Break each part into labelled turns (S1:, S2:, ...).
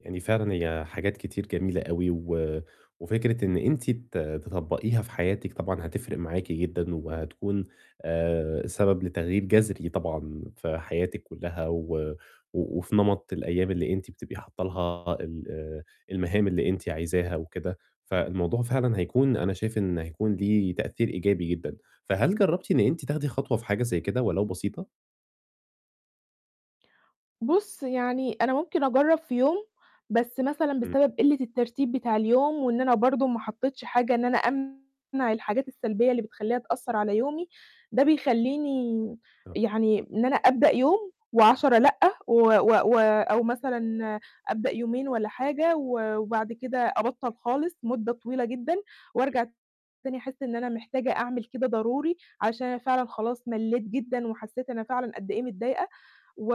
S1: يعني فعلًا هي حاجات كتير جميلة أوي و وفكرة إن أنتِ ت تطبّقيها في حياتِك طبعًا هتفرِق معاكِ جدًا وهتكون آآ، سبب لتغيير جَذري طبعًا في حياتِك كلّها و و وفي نمط الأيام اللي أنتِ بتبقي حاطّة لها ال آآ المهام اللي أنتِ عايزاها وكده، فالموضوع فعلًا هيكون أنا شايف إن هيكون ليه تأثير إيجابي جدًا. فهل جرّبتِ إن أنتِ تاخدي خطوة في حاجة زي كده ولو بسيطة؟
S2: بُص، يعني أنا ممكن أجرّب في يوم بس مثلًا
S1: إمم.
S2: بسبب قلِّة الترتيب بتاع اليوم وإن أنا برضه ما حطّيتش حاجة إن أنا أمنع الحاجات السلبية اللي بتخلّيها تأثّر على يومي، ده بيخلّيني
S1: آه.
S2: يعني إن أنا أبدأ يوم و10 لأ. و و و أو مثلًا أبدأ يومين والّا حاجة و وبعد كده أبطّل خالص مدّة طويلة جدًا وأرجع تاني أحس إن أنا محتاجة أعمل كده ضروري عشان أنا فعلًا خلاص مَلّيت جدًا وحسّيت أنا فعلًا قدّ إيه متضايقة و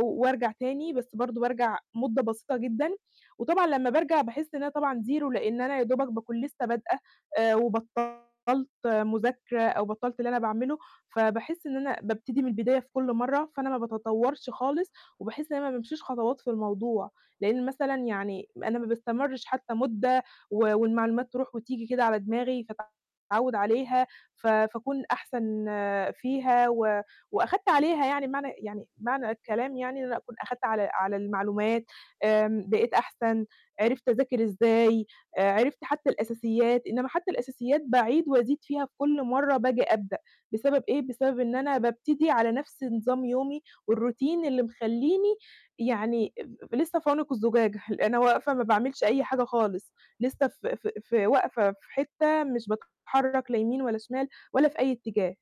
S2: وأرجع تاني بس برضه بارجع مدّة بسيطة جدًا وطبعًا لمّا بارجع باحس إن أنا طبعًا 0 لإن أنا يا دوبك باكون لسه بادئه آآ، وبطّلت مذاكرة أو بطّلت اللي أنا باعمله. فباحس إن أنا بابتدي من البداية في كل مرّة فأنا ما باتطوّرش خالص وباحس إن أنا ما بامشيش خطوات في الموضوع، لإن مثلًا يعني ما أنا ما باستمرش حتى مدّة و والمعلومات تروح وتيجي كده على دماغي فاتعوّد عليها ف فاكون أحسن فيها و وأخدت عليها يعني معنى يعني معنى الكلام يعني إن أنا أكون أخدت على على المعلومات آمم، بقيت أحسن عِرفت أذاكر إزاي، آآ عِرفت حتى الأساسيات إنّما حتى الأساسيات باعيد وأزيد فيها في كل مرّة بآجي أبدأ، بسبب إيه بسبب إن أنا بابتدي على نَفْس نظام يومي والروتين اللي مخلّيني يعني ب ب لسه في عنق الزجاجة ال أنا واقفة ما باعملش أي حاجة خالص، لسه ف ف في واقفة في حتة مش باتحرّك لا يمين ولا شمال ولا في أي اتّجاه.